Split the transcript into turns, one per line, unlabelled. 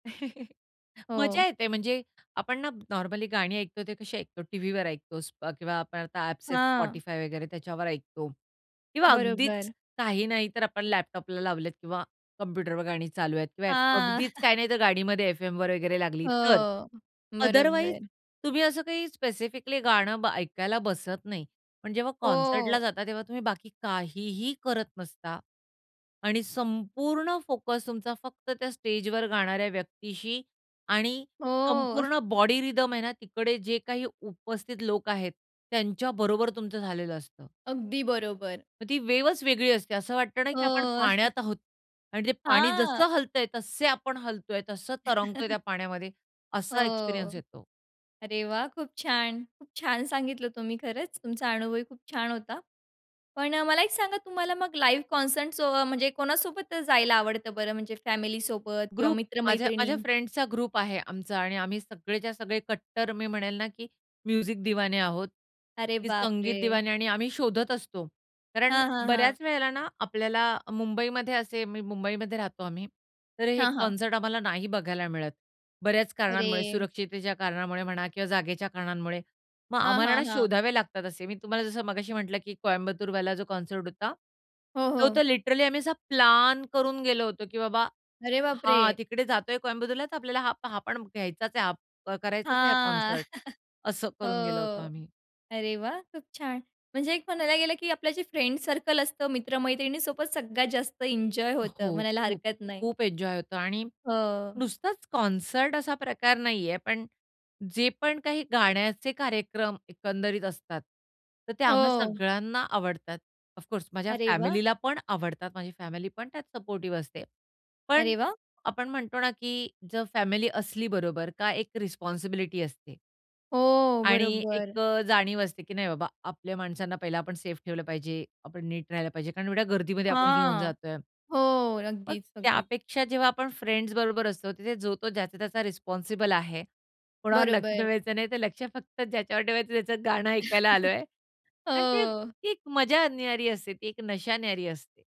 हो.
मजा येते. म्हणजे आपण ना, नॉर्मली गाणी ऐकतो ते कशी ऐकतो? टीव्हीवर ऐकतो किंवा आपण आता ॲप्स आहेत,
हां.
Spotify वगैरे त्याच्यावर ऐकतो किंवा अगदीच
बरोबर.
काही नाही तर आपण लॅपटॉपला लावलेत किंवा कॉम्प्युटरवर गाणी चालू आहेत किंवा
हां.
अगदीच काही नाही तर गाडीमध्ये एफएमवर वगैरे लागली तर.
हो,
अदरवाईज
बरोबर.
तुम्ही असं काही स्पेसिफिकली गाणं ब ऐकायला बसत नाही. पण जेव्हा कॉन्सर्टला
हो.
जाता तेव्हा तुम्ही बाकी काहीही करत नसता आणि संपूर्ण फोकस तुमचा फक्त त्या स्टेजवर गाणाऱ्या व्यक्तीशी आणि
हो.
संपूर्ण बॉडी रिथम आहे ना, तिकडे जे काही उपस्थित लोक आहेत, त्यांच्या बरोबर तुमचं झालेलं असतं.
अगदी बरोबर.
मग ती वेव्हच वेगळी असते असं वाटतं ना, की आपण
हो.
पाण्यात आहोत आणि ते पाणी
हां.
जसं हलतंय तसे आपण हलतोय, तसं तरंगतोय त्या पाण्यामध्ये, असा
हो,
एक्सपिरियन्स येतो.
अरे वाह! खूप छान. खूप छान सांगितलं तुम्ही, खरंच, तुमचा अनुभवही खूप छान होता. पण मला एक सांगा, तुम्हाला मग लाईव्ह कॉन्सर्ट सो म्हणजे कोणासोबत जायला आवडतं बरं? म्हणजे फॅमिली सोबत किंवा
ग्रुप माझ्या
मित्र-मैत्रिणी?
माझ्या फ्रेंड्सचा ग्रुप आहे आमचा आणि आम्ही सगळेच्या सगळे कट्टर मी म्हणेल ना, की म्युझिक दिवाने. आहोत.
अरे
की संगीत
बापरे!
दिवानी. आणि आम्ही शोधत असतो. कारण
हां, हां, हां.
बऱ्याच वेळेला ना, आपल्याला मुंबईमध्ये असे मी मुंबईमध्ये राहतो आम्ही. तर हे
हां, हां.
कॉन्सर्ट आम्हाला नाही बघायला मिळत, बऱ्याच कारणांमुळे,
अरे!
सुरक्षिततेच्या कारणामुळे म्हणा किंवा जागेच्या कारणांमुळे. मग
हां,
आम्हाला ना
हां, हां.
शोधावे लागतात असे. मी तुम्हाला जसं मगाशी म्हटलं, की कोयंबतूरवाला जो कॉन्सर्ट होता,
हो,
तो
हो.
तर लिटरली आम्ही असा प्लॅन करून गेलो होतो, की बाबा
अरे बापरे!
हा. तिकडे जातोय कोयंबतूरला, तर आपल्याला हा हा पण घ्यायचाच आहे. हां करायचाच आहे, हां
हां.
कॉन्सर्ट. असं
हो,
करून गेलो होतो आम्ही.
अरे वाह! खूप छान! म्हणजे एक म्हणायला गेलं, की आपलं जे फ्रेंड्स सर्कल असतं, मित्र-मैत्रिणीसोबत सगळ्यात जास्त एन्जॉय होतं,
हो,
म्हणायला
खूप
हरकत नाही?
खूप एन्जॉय होतो आणि
हो.
नुसताच कॉन्सर्ट असा प्रकार नाहीये, पण जे पण काही गाण्याचे कार्यक्रम एकंदरीत असतात तर ते आम्हा
हो.
सगळ्यांना आवडतात. ऑफकोर्स माझ्या
अरे वाह!
फॅमिलीला पण आवडतात. माझी फॅमिलीपण त्यात सपोर्टिव्ह असते. पण
अरे वाह!
आपण म्हणतो ना, की जर फॅमिली असली बरोबर, का एक रिस्पॉन्सिबिलिटी असते.
हो,
आणि
बरोबर.
एक जाणीव असते, की नाही बाबा आपल्या माणसांना पहिला आपण सेफ ठेवलं पाहिजे, आपण नीट राहायला पाहिजे. कारण एवढ्या गर्दीमध्ये आपण घेऊन
हां,
जातोय.
हो.
मग
अगदीच, अगदीच.
त्यापेक्षा जेव्हा आपण फ्रेंड्स बरोबर असतो, तिथे जो-तो ज्याचा-त्याचा रिस्पॉन्सिबल आहे. कोणावर लक्ष
बरोबर.
ठेवायचं नाही. तर लक्ष फक्त ज्याच्यावर ठेवायचं, त्याचं गाणं ऐकायला आलोय आणि ते
हो.
ती एक मजा न्यारी असते. ती एक नशा न्यारी असते.